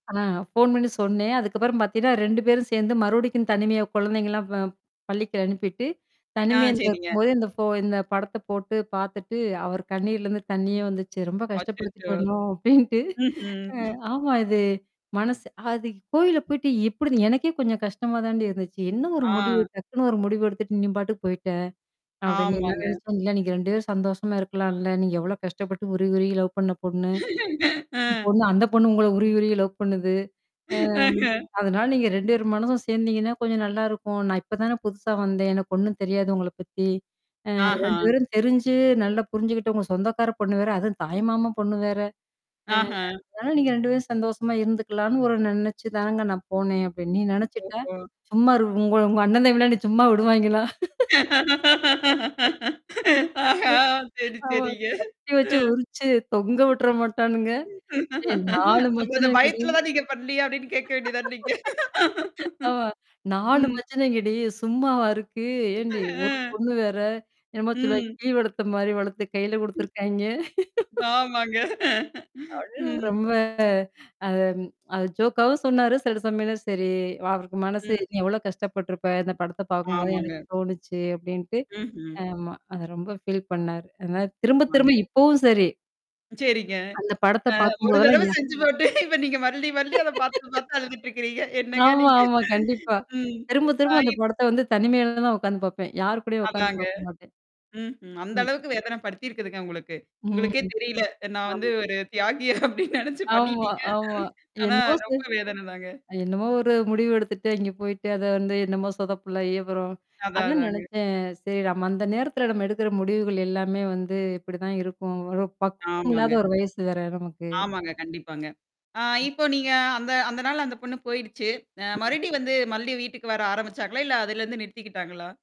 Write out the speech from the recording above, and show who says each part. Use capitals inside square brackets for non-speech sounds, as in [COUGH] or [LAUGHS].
Speaker 1: ஆ, phone பண்ணி சொன்னேன். அதுக்கப்புறம் பாத்தீங்கன்னா, 2 பேரும் சேந்து, மறுபடிக்கும் தனிமையா, கொழந்தைங்கல்லாம் ப பள்ளிக்கு அனுப்பிட்டு,
Speaker 2: ஆ.
Speaker 1: தனிமையில
Speaker 2: சரிங்க.
Speaker 1: இருக்கும்போது இந்தப் போ இந்தப் படத்தை போட்டு பாத்துட்டு அவர் கண்ணுல இருந்து தண்ணியே வந்துச்சு. "ரொம்ப
Speaker 2: அச்சச்சோ.
Speaker 1: கஷ்டப்படுத்திட்டேன்னோ!" அப்படீன்னுட்டு.
Speaker 2: ம்ஹ்ம்.
Speaker 1: அ
Speaker 2: [CHUCKLES]
Speaker 1: ஆமா இது மனசு அது "கோயிலப் போயிட்டு எப்படி இது எனக்கே கொஞ்சம் கஷ்டமாதான்டீ இருந்துச்சு. என்ன ஒரு முடிவு?
Speaker 2: ஆ.
Speaker 1: டக்குன்னு ஒரு முடிவு எடுத்துட்டு? நீ பாட்டுக்கு போயிட்ட!" அப்படின்னு, எல்லாரும்
Speaker 2: ஆமாங்க.
Speaker 1: நெனச்சோம், "இல்ல நீங்க 2 பேரும் சந்தோஷமா இருக்கலாம் இல்ல. நீங்க எவ்வளோ கஷ்டப்பட்டு, உருகி உருகி லவ் பண்ண பொண்ணு
Speaker 2: [LAUGHS] அ,
Speaker 1: பொண்ணு அந்தப் பொண்ணும் உங்கள உருகி உருகி லவ் பண்ணுது. அ
Speaker 2: ஆ,
Speaker 1: ம்
Speaker 2: ஹ
Speaker 1: அதனால, நீங்க 2 பேரு மனசும் சேந்தீங்கன்னா, கொஞ்சம் நல்லா இருக்கும். நான் இப்பதானே புதுசா வந்தேன். எனக்கு ஒண்ணும் தெரியாது உங்களப் பத்தி, அ 2
Speaker 2: ஆஹா.
Speaker 1: பேரும் தெரிஞ்சு, நல்லா புரிஞ்சுகிட்டு உங்க சொந்தக்கார பொண்ணு வேற, அதுவும் தாய்மாமன் பொண்ணு வேற. அ
Speaker 2: ஆஹா.
Speaker 1: அதனால நீங்க 2 பேரும் சந்தோஷமா இருந்துக்கலாம்னு ஒரு நெனைச்சுத்தானங்க நான் போனேன்" அப்படின்னு. "நீ
Speaker 2: ம்,
Speaker 1: நெனச்சுட்டா?
Speaker 2: ஓஹோ.
Speaker 1: சும்மா இரு உங்கள உங்க அண்ணன் தம்பிகள்லாம் என்னைய சும்மா விடுவாய்ங்களா?
Speaker 2: [LAUGHS] ஆஹா.
Speaker 1: [LAUGHS] கட்டி வச்சு
Speaker 2: சரி
Speaker 1: ஆமா
Speaker 2: சரிங்க.
Speaker 1: கட்டி வச்சு
Speaker 2: ம்
Speaker 1: உரிச்சு தொங்க விட்ற மட்டானுங்க? ஏ 4
Speaker 2: அப்போ அந்த
Speaker 1: மச்சினனுங்கடி"
Speaker 2: பயத்துல தான் நீங்க பண்ணலையா? அப்டின்னு கேக்க வேண்டியது தானே நீங்க?
Speaker 1: [LAUGHS] ஆமா 4
Speaker 2: ம்.
Speaker 1: மச்சினைங்கடீ! சும்மாவா இருக்கு? ஏன்டீ
Speaker 2: ஆ
Speaker 1: ஒரு பொண்ணு வேற! என்னமோ சொல்லுவாய்ங்க
Speaker 2: ம்.
Speaker 1: கிளி வளத்த மாரி வளத்து கைல
Speaker 2: ம்,
Speaker 1: குடுதுருக்காய்ங்க! [LAUGHS]
Speaker 2: ஆமாங்க.
Speaker 1: அப்டின்னு
Speaker 2: ம்
Speaker 1: ரொம்ப அத அது ஜோக்காவும் சொன்னாரு, சில சமயம்ல சரி அவருக்கு மனசு
Speaker 2: ம்.
Speaker 1: "நீ எவ்ளோ கஷ்ட பட்ருப்ப? இந்த படத்த பாக்கும்போது எனக்கு
Speaker 2: ஆமாங்க.
Speaker 1: தோணிச்சு" அப்டின்ட்டு
Speaker 2: ம்ஹ்ம்.
Speaker 1: ஆமா அத ரொம்ப ஃபீல் பண்ணாரு. அதனால, திரும்ப
Speaker 2: ஆமாங்க.
Speaker 1: திரும்ப இப்பவும் சரி
Speaker 2: சரிங்க.
Speaker 1: அந்த படத்த
Speaker 2: அ
Speaker 1: பாக்கும்
Speaker 2: 1
Speaker 1: போதெல்லாம்,
Speaker 2: தரவ
Speaker 1: யா
Speaker 2: செஞ்சு போட்டு, இப்ப நீங்க மறுபடியும் மறுபடியும் அதப் பாத்து
Speaker 1: [LAUGHS]
Speaker 2: பாத்து அழுதுட்டு இருக்குறீங்க! என்னங்க
Speaker 1: ஆமா
Speaker 2: நீங்க?
Speaker 1: ஆமா கண்டிப்பா,
Speaker 2: ம்.
Speaker 1: திரும்ப திரும்ப அந்த
Speaker 2: [UNINTELLIGIBLE]
Speaker 1: படத்த வந்து, தனிமையில தான் நான் உக்காந்து பாப்பேன். யாரு கூடயும் உக்காந்து
Speaker 2: அதாங்க.
Speaker 1: பாக்க மாட்டேன்.
Speaker 2: ம், ஹ்ம். அந்த
Speaker 1: ம்.
Speaker 2: அளவுக்கு வேதனைப்படுத்தியிருக்குதுங்க உங்களுக்கு. உங்களுக்கே
Speaker 1: ம்,
Speaker 2: தெரியல, நான் வந்து
Speaker 1: ஆமா.
Speaker 2: ஒரு தியாகி அப்டின்னு நெனச்சு
Speaker 1: ஆமா
Speaker 2: பண்ணிட்டீங்க.
Speaker 1: ஆமா
Speaker 2: ஆனா,
Speaker 1: என்னமோ செய்
Speaker 2: ரொம்ப வேதனைதாங்க.
Speaker 1: அ என்னமோ ஒரு முடிவு எடுத்துட்டு, அங்க போயிட்டு, அத வந்து என்னமோ சொதப்பல் ஆயி, அப்பறம்
Speaker 2: அதான்
Speaker 1: அதான்
Speaker 2: அதாங்க.
Speaker 1: நெனச்சேன், "சரி நம்ம அந்த நேரத்துல நம்ம எடுக்குற முடிவுகள் எல்லாமே வந்து, இப்பிடி தான் இருக்கும், ஒரு பக்குவம் இல்லாத
Speaker 2: ஆமாங்க.
Speaker 1: ஒரு வயசு வேற, நமக்கு."
Speaker 2: ஆமாங்க. கண்டிப்பாங்க. ஆ,
Speaker 1: ம்.
Speaker 2: இப்போ நீங்க அந்த அதனால, அந்த பொண்ணு போயிருச்சு! அ
Speaker 1: ம்.
Speaker 2: மறுபடியும் வந்து மறுபடியும் வீட்டுக்கு வர ஆரம்பிச்சாங்களா? இல்ல அதுலருந்து நிறுத்திக்கிட்டாங்களா?